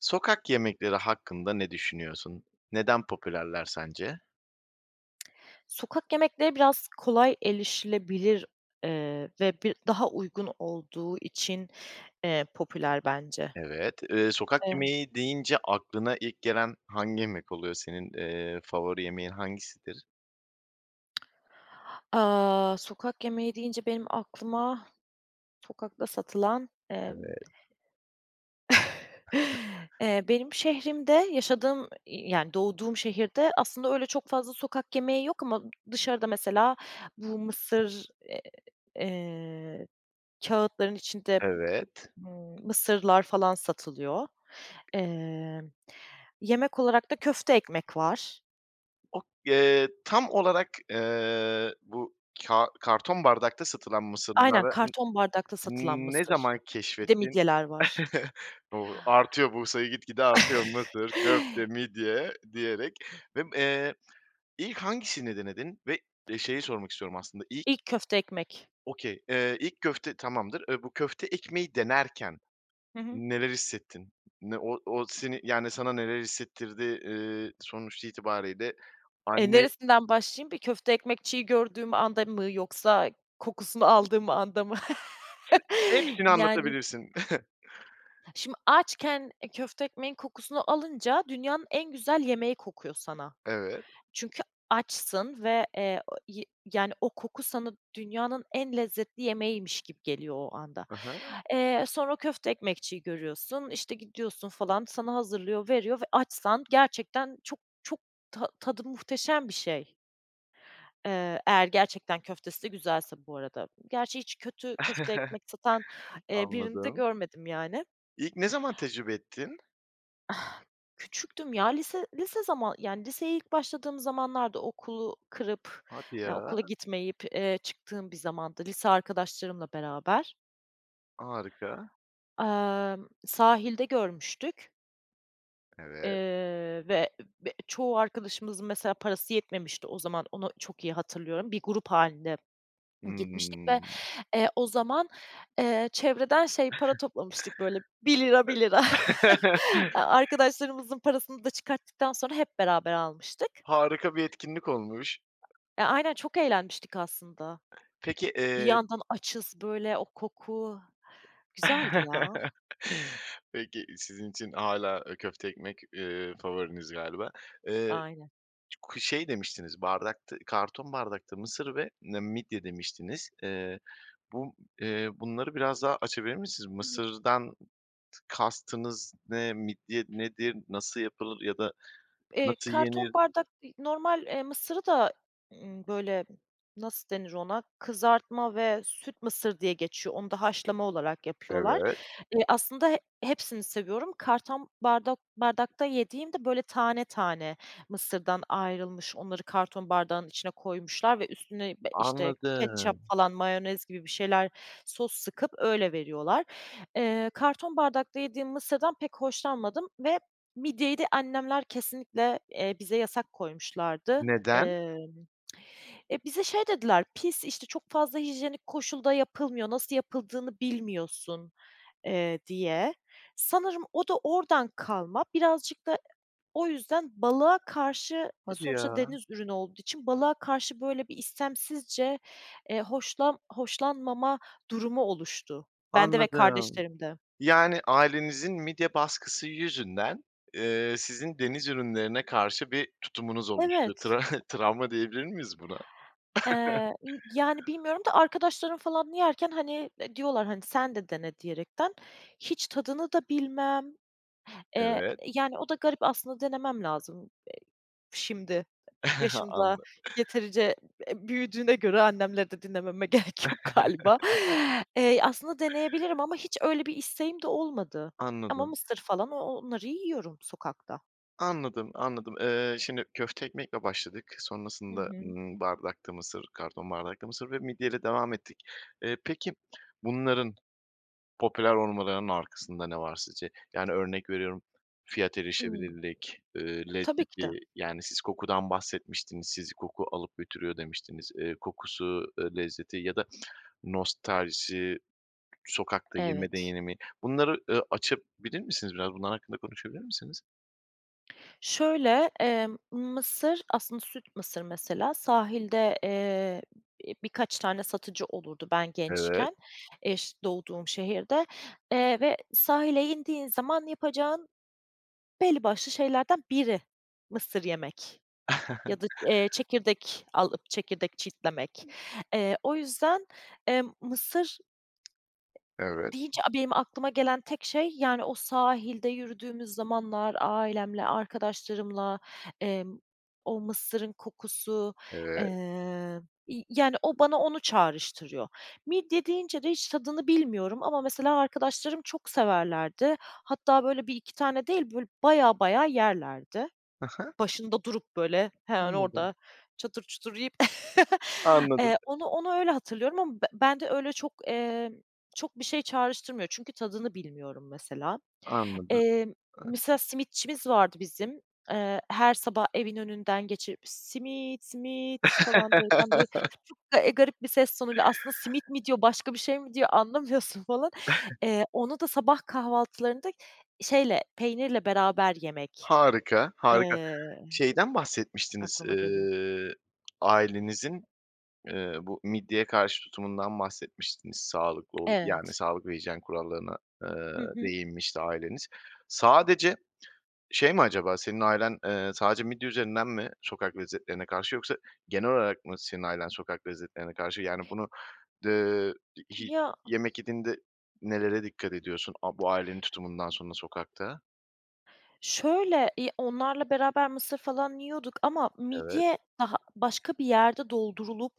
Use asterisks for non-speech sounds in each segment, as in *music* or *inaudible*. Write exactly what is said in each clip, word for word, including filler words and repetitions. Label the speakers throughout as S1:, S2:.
S1: Sokak yemekleri hakkında ne düşünüyorsun? Neden popülerler sence?
S2: Sokak yemekleri, biraz kolay elişilebilir eee, ve bi daha uygun olduğu için, eee, popüler bence.
S1: Evet. Eee, sokak
S2: Emm.
S1: yemeği deyince aklına ilk gelen hangi yemek oluyor? Senin, eee, favori yemeğin hangisidir?
S2: Aaa, sokak yemeği deyince benim aklıma sokakta satılan, emm,
S1: Evet. *chuckles*
S2: *chuckles* eee, benim şehrimde yaşadığım, yani doğduğum şehirde aslında öyle çok fazla sokak yemeği yok ama dışarıda mesela bu mısır, eee, kâğıtların içinde,
S1: Evet.
S2: ımm, mısırlar falan satılıyor. Eee, yemek olarak da köfte ekmek var.
S1: Ok Eee, tam olarak, eee, bu ka karton bardakta satılan
S2: Aynen,
S1: mısırları n
S2: karton bardakta satılan
S1: ne
S2: mısır.
S1: zaman
S2: Bir de
S1: keşfettin?
S2: midyeler var.
S1: *chuckles* O, artıyor bu sayı, gitgide artıyor
S2: *chuckles*
S1: mısır, köfte, midye diyerek vem eee, ilk hangisini denedin ve, eee, şeyi sormak istiyorum aslında, ilk
S2: İlk köfte ekmek.
S1: Okay. Eee, ilk köfte tamamdır, eee, bu köfte ekmeği denerken
S2: Hı hı.
S1: neler hissettin? Ne o o seni, yani, sana neler hissettirdi? Eee, sonuç itibarıyla
S2: Eee,
S1: anne
S2: neresinden başlayayım bir köfte ekmekçiyi gördüğüm anda mı, yoksa kokusunu aldığım anda mı?
S1: *unintelligible*
S2: *chuckles*
S1: Hepsini
S2: Yani.
S1: anlatabilirsin. *chuckles*
S2: Şimdi açken, eee, köfte ekmeğin kokusunu alınca dünyanın en güzel yemeği kokuyor sana.
S1: Evet.
S2: Çünkü açsın ve, eee, o yi yani o koku sana dünyanın en lezzetli yemeğiymiş gibi geliyor o anda.
S1: I hı.
S2: Eee, sonra köfte ekmekçiyi görüyorsun, işte, gidiyorsun falan sana hazırlıyor, veriyor ve açsan gerçekten çok çok ta tadı muhteşem bir şey. Eee, eğer gerçekten köftesi de güzelse bu arada. Gerçi hiç kötü köfte ekmek satan,
S1: *chuckles*
S2: eee, birini de
S1: Anladım.
S2: görmedim yani.
S1: İlk ne zaman tecrübe ettin?
S2: *exhales* Küçüktüm ya, lise lise zaman, yani, liseye ilk başladığım zamanlardı, okulu kırıp,
S1: Hadi
S2: ya
S1: ya.
S2: okula gitmeyip, ııı, çıktığım bir zamandı, lise arkadaşlarımla beraber.
S1: Harika.
S2: Emm, sahilde görmüştük.
S1: Evet.
S2: Eee ve be çoğu arkadaşımızın mesela parası yetmemişti o zaman, onu çok iyi hatırlıyorum, bir grup halinde *swallows* gitmiştik ve,
S1: Hımm.
S2: eee, o zaman, ııı, çevreden şey para toplamıştık böyle bir lira, bir
S1: *chuckles*
S2: lira *laughs* aaa,
S1: *chuckles*
S2: arkadaşlarımızın parasını da çıkarttıktan sonra hep beraber almıştık.
S1: Harika bir etkinlik olmuş.
S2: Ya, aynen çok eğlenmiştik aslında,
S1: Peki,
S2: bir
S1: ııı
S2: yandan açız böyle o koku, güzeldi ya.
S1: *chuckles* Peki sizin için hâlâ, ııı, köfte ekmek, ııı, favoriniz galiba. Iıı,
S2: Aynen.
S1: ku şey, demiştiniz bardakta, karton bardakta mısır ve ne midye demiştiniz. Iıı, bu, ııı, bunları biraz daha açabilir misiniz?
S2: *unintelligible*
S1: Mısırdan tı kastınız ne, midye nedir, nasıl yapılır ya da
S2: E,
S1: nasıl
S2: karton
S1: yenir?
S2: bardak b normal, ııı, mısırı da, ımm, böyle nasıl denir ona, kızartma ve süt mısır diye geçiyor, onu da haşlama olarak yapıyorlar.
S1: Evet.
S2: Iıı, aslında he hepsini seviyorum. Karton bardok bardakta yediğim de böyle tane tane mısırdan ayrılmış. Onları karton bardağın içine koymuşlar ve üstüne, eee, işte, ketçap
S1: Anladım.
S2: falan mayonez gibi bir şeyler sos sıkıp öyle veriyorlar. Iıı, karton bardakta yediğim mısırdan pek hoşlanmadım ve midyeyi de annemler kesinlikle, eee, bize yasak koymuşlardı.
S1: Neden?
S2: Imm *tsk* e, bize şey dediler pis, işte, çok fazla hijyenik koşulda yapılmıyor, nasıl yapıldığını bilmiyorsun. Iıı, diye sanırım o da oradan kalma, birazcık da o yüzden balığa karşı, e,
S1: Hadi
S2: sonuçta
S1: ya.
S2: deniz ürünü olduğu için balığa karşı böyle bir istemsizce, eee, hoşlan hoşlanmama durumu oluştu bende ve
S1: Anladım.
S2: kardeşlerimde.
S1: Yani, ailenizin midye baskısı yüzünden, ııı, sizin deniz ürünlerine karşı bir tutumunuz oluştu.
S2: Evet.
S1: Tra *chuckles* travma diyebilir miyiz buna? *chuckles*
S2: Eee, ımm, yani, bilmiyorum da arkadaşlarım falan yerken hani, e, diyorlar, hani, sen de dene diyerekten, hiç tadını da bilmem, eee,
S1: Evet.
S2: yani, o da garip aslında denemem lazım, e, şimdi
S1: *chuckles*
S2: yaşımda
S1: Anla
S2: yeterince, e, büyüdüğüne göre annemleri de dinlememe gerek yok galiba.
S1: *chuckles*
S2: Eee, aslında deneyebilirim ama hiç öyle bir isteğim de olmadı, ama
S1: Anladım.
S2: mısır falan o onları yiyorum sokakta.
S1: Anladım, anladım. Iıı, şimdi köfte ekmekle başladık,
S2: Hı
S1: sonrasında,
S2: hı.
S1: ımm, bardakta mısır, karton bardakta mısır ve midyeyle devam ettik. Iıı, peki, bunların popüler olmalarının arkasında ne var sizce? Yani, örnek veriyorum, fiyat
S2: Imm.
S1: erişebilirlik, eee,
S2: Tabii ki de.
S1: lezzeti, yani siz kokudan bahsetmiştiniz, sizi koku alıp götürüyor demiştiniz. Iıı, kokusu, iii, lezzeti ya da *tsk* nostalji, sokakta yeme de
S2: Evet.
S1: deyenimi, bunları, ııı, açabilir misiniz? Biraz bunlar hakkında konuşabilir misiniz?
S2: Şöyle, eee, mısır, aslında süt mısır mesela, sahilde, eee, b-bi birkaç tane satıcı olurdu ben
S1: Evet.
S2: gençken, eş doğduğum şehirde. Eee, ve sahile indiğin zaman yapacağın belli başlı şeylerden biri, mısır yemek
S1: *chuckles*
S2: ya da, eee, çekirdek alıp, çekirdek çitlemek. Eee, o yüzden, emm, mısır
S1: Evet.
S2: deyince, benim aklıma gelen tek şey, yani, o sahilde yürüdüğümüz zamanlar ailemle, arkadaşlarımla, eee, o mısırın kokusu, eee,
S1: Evet.
S2: ya, yani, o bana onu çağrıştırıyor. Midye deyince de hiç tadını bilmiyorum ama mesela arkadaşlarım çok severlerdi. Hatta böyle bir iki tane değil, böyle bayağı bayağı yerlerdi.
S1: Hı hı.
S2: Başında durup böyle hemen
S1: Anladım.
S2: orda çatır çutur yiyip *laughs*
S1: Anladım.
S2: eee, onu onu öyle hatırlıyorum ama. Be bende öyle çok, eee, çok bir şey çağrıştırmıyor, çünkü tadını bilmiyorum mesela.
S1: Anladım.
S2: Eee,
S1: Evet.
S2: mesela simitçimiz vardı bizim, eee, her sabah evin önünden geçip, "Simit, simit!" falan derken böyle
S1: *laughs*
S2: *unintelligible* eee, garip bir ses tonuyla aslında simit mi diyor başka bir şey mi diyor anlamıyorsun falan.
S1: *chuckles*
S2: Eee, onu da sabah kahvaltılarında şeyle peynirle beraber yemek,
S1: Harika, harika.
S2: eee, d
S1: Şeyden bahsetmiştiniz,
S2: aklıma geliyor.
S1: eee, ailenizin, eee, bu midyeye karşı tutumundan bahsetmiştiniz, sağlıklı olup, yani,
S2: Evet.
S1: sağlık ve hijyen kurallarına, eee,
S2: Hı hı.
S1: değinmişti aileniz. Sadece, şey mi acaba, senin ailen, eee, sadece midye üzerinden mi sokak lezzetlerine karşı yoksa genel olarak mı senin ailen sokak lezzetlerine karşı? Yani, bunu, eee, i hi
S2: Ya.
S1: yemek yediğinde nelere dikkat ediyorsun a bu ailenin tutumundan sonra sokakta?
S2: Şöyle, iii, ya, onlarla beraber mısır falan yiyorduk ama
S1: Evet.
S2: midye daha başka bir yerde doldurulup,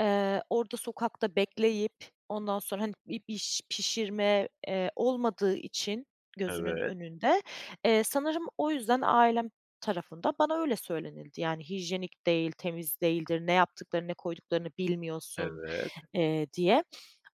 S2: eee, orda sokakta bekleyip ondan sonra, hani, bi biş pişirme, eee, olmadığı için gözünün
S1: Evet.
S2: önünde. Eee, sanırım o yüzden ailem tarafında bana öyle söylenildi, yani, hijyenik değil, temiz değildir, ne yaptıklarını, ne koyduklarını bilmiyorsun,
S1: Evet.
S2: eee, diye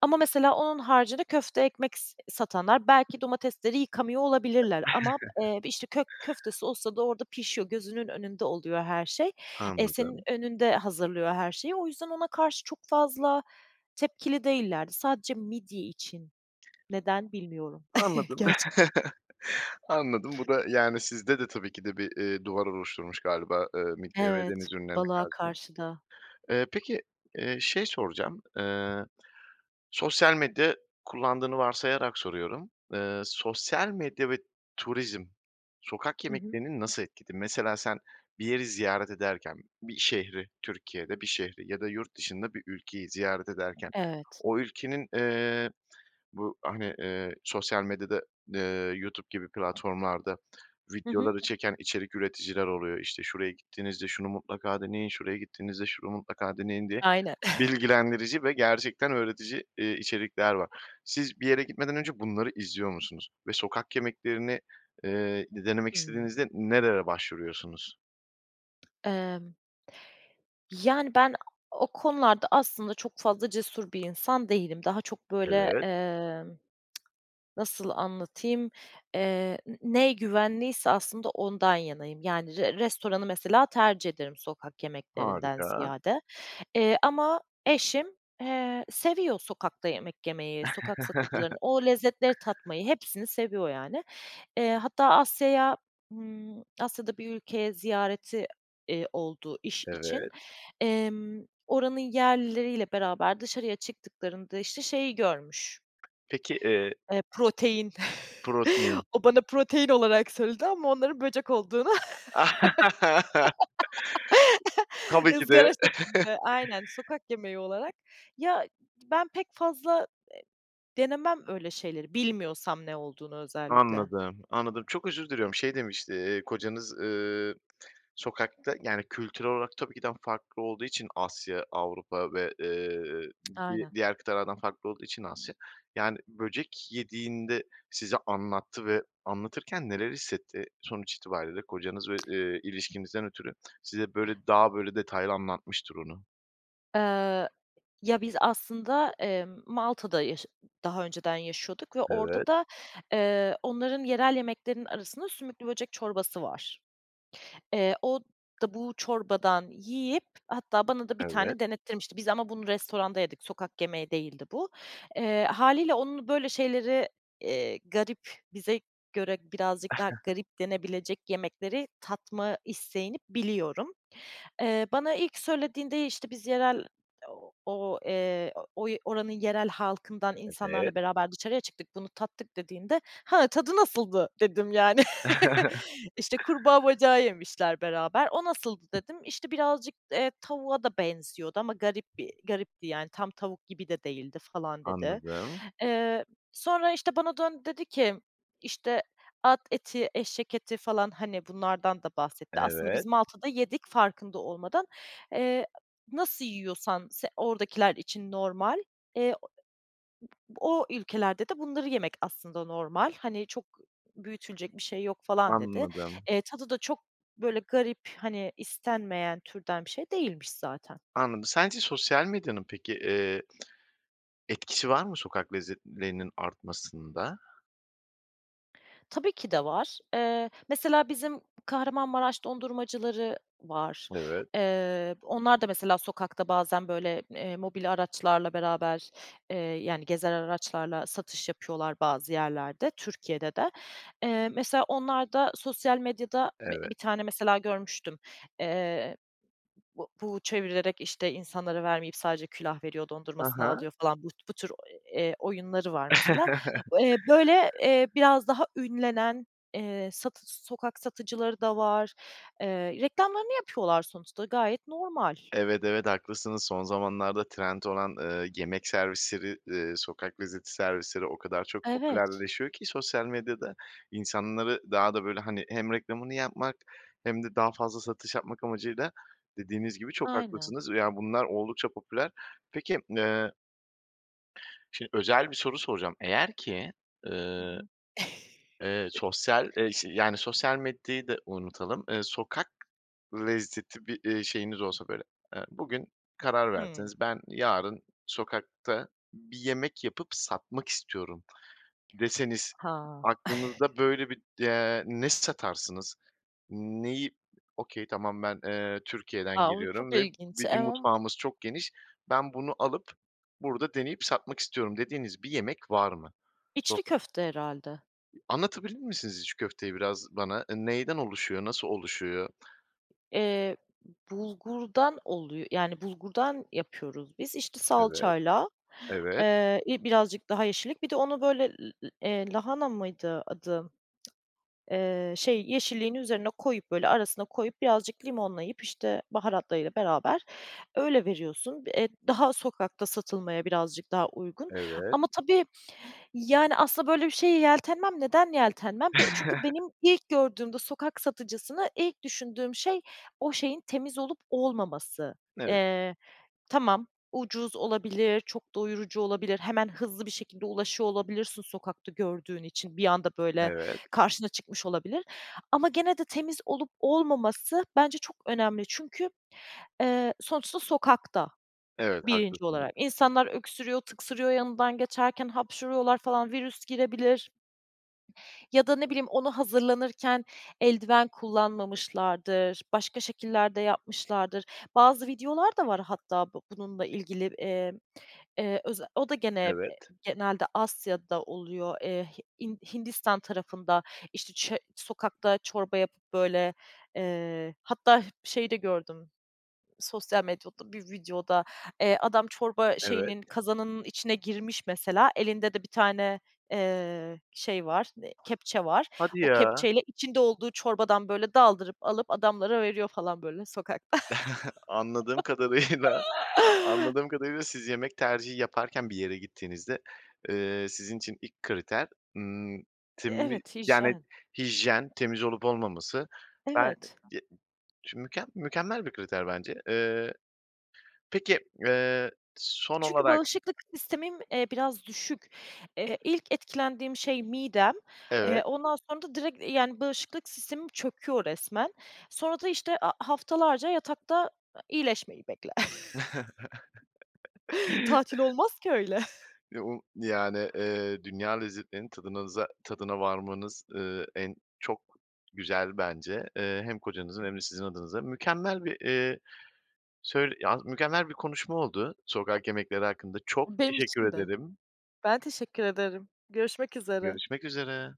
S2: ama mesela onun haricinde köfte ekmek s satanlar belki domatesleri yıkamıyor olabilirler ama b
S1: *chuckles*
S2: eee, işte kök köftesi olsa da orda pişiyor, gözünün önünde oluyor her şey, e, senin
S1: Anladım.
S2: önünde hazırlıyor her şeyi. O yüzden ona karşı çok fazla tepkili değillerdi. Sadece midye için, neden, bilmiyorum *chuckles*
S1: Anladım
S2: gerçekten.
S1: *chuckles* anladım, bu da yani sizde de tabii ki de bir, eee, duvar oluşturmuş galiba, eee, midye ve
S2: Evet,
S1: deniz ürünlerine
S2: balığa
S1: karşı.
S2: karşı da.
S1: Eee, peki, eee, şey soracağım, eee sosyal medya kullandığını varsayarak soruyorum. Eee, sosyal medya ve turizm sokak
S2: Hı hı.
S1: yemeklerini nasıl etkiledi? Mesela sen bir yeri ziyaret ederken, bir şehri Türkiye'de, bir şehri ya da yurt dışında bir ülkeyi ziyaret ederken,
S2: Evet.
S1: o ülkenin, eee, bu, hani, eee, sosyal medyada, eee, YouTube gibi platformlarda
S2: Hı hı.
S1: videoları çeken içerik üreticiler oluyor, işte "Şuraya gittiğinizde şunu mutlaka deneyin, şuraya gittiğinizde şunu mutlaka deneyin." diye
S2: Aynen. *chuckles*
S1: bilgilendirici ve gerçekten öğretici, eee, içerikler var. Siz bir yere gitmeden önce bunları izliyor musunuz? Ve sokak yemeklerini, eee, de denemek
S2: Hımm.
S1: istediğinizde nerelere başvuruyorsunuz?
S2: Emm. Yani, ben o konularda aslında çok fazla cesur bir insan değilim. Daha çok böyle,
S1: Evet.
S2: emm *tsk* nasıl anlatayım, eee n ne güvenliyse aslında ondan yanayım. Yani, r restoranı mesela tercih ederim sokak yemeklerinden
S1: Harika.
S2: ziyade. Eee, ama eşim, eee, seviyor sokakta yemek yemeyi, sokak satıcılarını,
S1: *laughs*
S2: o lezzetleri tatmayı, hepsini seviyor, yani. Eee, hatta Asya'ya, ımm, Asya'da bir ülkeye ziyareti, eee, oldu iş için.
S1: Evet.
S2: Emm, oranın yerlileriyle beraber dışarıya çıktıklarında işte şeyi görmüş
S1: Peki, eee
S2: eee protein.
S1: Protein.
S2: *chuckles* O bana protein olarak söyledi ama onların böcek olduğunu.
S1: *laughs*
S2: *laughs*
S1: Tabii ki
S2: ızgara
S1: de. *chuckles*
S2: şeklinde, aynen sokak yemeği olarak. Ya, ben pek fazla, eee, denemem öyle şeyleri, bilmiyorsam ne olduğunu özellikle.
S1: Anladım, anladım. Çok özür diliyorum, şey, demiş, iii, kocanız, eee *tsk* sokakta, yani, kültürel olarak tabii ki daha farklı olduğu için Asya, Avrupa ve, eee,
S2: *tsk*
S1: di
S2: Aynen.
S1: diğer kıtalardan farklı olduğu için Asya. Yani, böcek yediğinde size anlattı ve anlatırken neler hissetti? Sonuç itibariyle kocanız ve, eee, ilişkinizden ötürü *tsk* size böyle, daha böyle detaylı anlatmıştır onu.
S2: Iıı, ya, biz, aslında, emm, Malta'da yaşı daha önceden yaşıyorduk ve orada
S1: Evet.
S2: da, eee, onların yerel yemeklerinin arasında sümüklü böcek çorbası var. Eee, o da bu çorbadan yiyip hatta bana da bir
S1: Evet.
S2: tane denettirmişti, biz ama bunu restoranda yedik, sokak yemeği değildi bu. Eee, hâliyle onun böyle şeyleri, eee, garip, bize göre birazcık daha
S1: *chuckles*
S2: garip denebilecek yemekleri tatma isteğini biliyorum. Eee, bana ilk söylediğinde, işte, "Biz yerel, ooo, o, eee, o oy oranın yerel halkından insanlarla
S1: Evet.
S2: beraber dışarıya çıktık, bunu tattık" dediğinde, "Ha, tadı nasıldı?" dedim, yani.
S1: *chuckles*
S2: *laughs* İşte, kurbağa bacağı yemişler beraber. "O nasıldı?" dedim. "İşte, birazcık, eee, tavuğa da benziyordu ama garip bir garipti, yani, tam tavuk gibi de değildi" falan dedi.
S1: Anladım.
S2: Eee, sonra, işte, bana döndü dedi ki, işte, at eti, eşek eti falan, hani, bunlardan da bahsetti. Aslında biz
S1: Evet.
S2: Malta'da yedik farkında olmadan. Eee, nasıl yiyorsan se oradakiler için normal, eee, o ülkelerde de bunları yemek aslında normal, hani, çok büyütülecek bir şey yok falan, dedi.
S1: Anladım.
S2: Eee, tadı da çok böyle garip, hani, istenmeyen türden bir şey değilmiş zaten.
S1: Anladım, sence sosyal medyanın, peki, eee, etkisi var mı sokak lezzetlerinin artmasında?
S2: Tabii ki de var, eee, mesela, bizim Kahramanmaraş dondurmacıları var.
S1: Evet.
S2: Eee, onlar da mesela sokakta bazen, böyle, eee, mobil araçlarla beraber, eee, yani, gezer araçlarla satış yapıyorlar bazı yerlerde, Türkiye'de de. Eee, mesela, onlarda sosyal medyada, b
S1: Evet.
S2: bir tane, mesela, görmüştüm, eee, b bu çevirerek, işte, insanlara vermeyip sadece külah veriyor,
S1: Hı
S2: dondurmasını
S1: hı.
S2: alıyor, falan. Bu bu tür, eee, oyunları var, mesela.
S1: *laughs*
S2: Eee, böyle, eee, biraz daha ünlenen, eee, satı sokak satıcıları da var. Eee, reklamlarını yapıyorlar sonuçta, gayet normal.
S1: Evet, evet, haklısınız. Son zamanlarda trend olan, ııı, yemek servisleri, ııı, sokak lezzeti servisleri o kadar çok
S2: Evet.
S1: popülerleşiyor ki sosyal medyada, insanları daha da, böyle, hani, hem reklamını yapmak hem de daha fazla satış yapmak amacıyla, dediğiniz gibi, çok
S2: Aynen.
S1: haklısınız ve, ya, bunlar oldukça popüler. Peki, eee şimdi özel bir soru soracağım, eğer ki,
S2: Hı
S1: ııı,
S2: hı.
S1: eee, sosyal, eee, şe
S2: *chuckles*
S1: yani, sosyal medyayı da unutalım. Iıı, sokak lezzeti bir, ııı, şeyiniz olsa, böyle, eee, bugün karar
S2: Hımm.
S1: verseniz, "Ben yarın sokakta bir yemek yapıp satmak istiyorum." deseniz,
S2: Ha.
S1: aklınızda,
S2: *chuckles*
S1: böyle, bir, eee, ne satarsınız? Neyi, okay, tamam, "Ben, eee, Türkiye'den
S2: A! O çok
S1: geliyorum ve
S2: ilginç.
S1: bizim
S2: *unintelligible*
S1: mutfağımız çok geniş, ben bunu alıp, burada deneyip satmak istiyorum." dediğiniz bir yemek var mı?
S2: İçli
S1: Soka
S2: köfte herhâlde.
S1: Anlatabilir misiniz içli köfteyi biraz bana? Eee, neyden oluşuyor, nasıl oluşuyor?
S2: Eee, bulgurdan, oluyo yani, bulgurdan yapıyoruz biz, işte
S1: Evet,
S2: salçayla,
S1: evet.
S2: eee, i birazcık daha yeşillik, bir de onu böyle, l l eee, lahana mıydı adı? Eee, şey yeşilliğin üzerine koyup böyle arasına koyup birazcık limonlayıp, işte, baharatlarıyla beraber öyle veriyorsun. Eee, daha sokakta satılmaya birazcık daha uygun
S1: Evet.
S2: ama tabii, yani, aslında böyle bir şeye yeltenmem. Neden yeltenmem? Be çünkü
S1: *chuckles*
S2: benim ilk gördüğümde sokak satıcısını ilk düşündüğüm şey o şeyin temiz olup olmaması.
S1: Evet.
S2: Eee, tamam, ucuz olabilir, çok doyurucu olabilir, hemen hızlı bir şekilde ulaşıyor olabilirsin sokakta gördüğün için, bir anda böyle
S1: Evet.
S2: karşına çıkmış olabilir. Ama gene de temiz olup olmaması bence çok önemli. Çünkü, eee, sonuçta sokakta,
S1: Evet,
S2: birinci
S1: haklısınız.
S2: olarak. İnsanlar öksürüyor, tıksırıyor yanından geçerken hapşırıyorlar falan, virüs girebilir. Ya da ne bileyim, ona hazırlanırken eldiven kullanmamışlardır, başka şekiller de yapmışlardır. Bazı videolar da var hatta bu bununla ilgili. Eee, eee, öze o da gene eee,
S1: Evet.
S2: genelde Asya'da oluyor, Eee, Hi Hin Hindistan tarafında işte çö sokakta çorba yapıp böyle, eee, hatta şeyde gördüm sosyal medyada bir videoda. Eee, adam çorba
S1: Evet.
S2: şeyinin kazanının içine girmiş mesela elinde de bir tane, eee, şey var, ııı, kepçe var.
S1: Hadi
S2: O
S1: ya.
S2: kepçeyle içinde olduğu çorbadan böyle daldırıp alıp adamlara veriyor falan böyle sokakta.
S1: *chuckles* Anladığım kadarıyla anladığım
S2: *laughs*
S1: kadarıyla siz yemek tercihi yaparken bir yere gittiğinizde, eee, sizin için ilk kriter, ımm,
S2: E,
S1: temi
S2: evet,
S1: yani,
S2: hijyen.
S1: hijyen, temiz olup olmaması. Ben
S2: Evet.
S1: *unintelligible* şimdi mükem mükemmel bir kriter bence. Eee, peki, eee, son
S2: Çünkü
S1: olarak
S2: bağışıklık sistemim, eee, biraz düşük. Eee, ilk etkilendiğim şey midem, eee,
S1: Evet.
S2: ondan sonra da direkt, yani, bağışıklık sistemim çöküyor resmen. Sonra da işte, aaa, haftalarca yatakta, iyileşmeyi bekle. *chuckles* Tatil
S1: *chuckles*
S2: olmaz ki öyle. *chuckles*
S1: *unintelligible* Yani, eee, dünya lezzetlerinin tadınaza tadına varmanız, ııı, en çok güzel bence. Eee, hem kocanızın hem de
S2: *unintelligible*
S1: sizin adınıza. Mükemmel bir, eee, söyl yalnız mükemmel bir konuşma oldu sokak yemekleri hakkında. Çok
S2: Benim
S1: teşekkür
S2: için de.
S1: ederim.
S2: Ben teşekkür ederim, görüşmek üzere.
S1: Görüşmek üzere.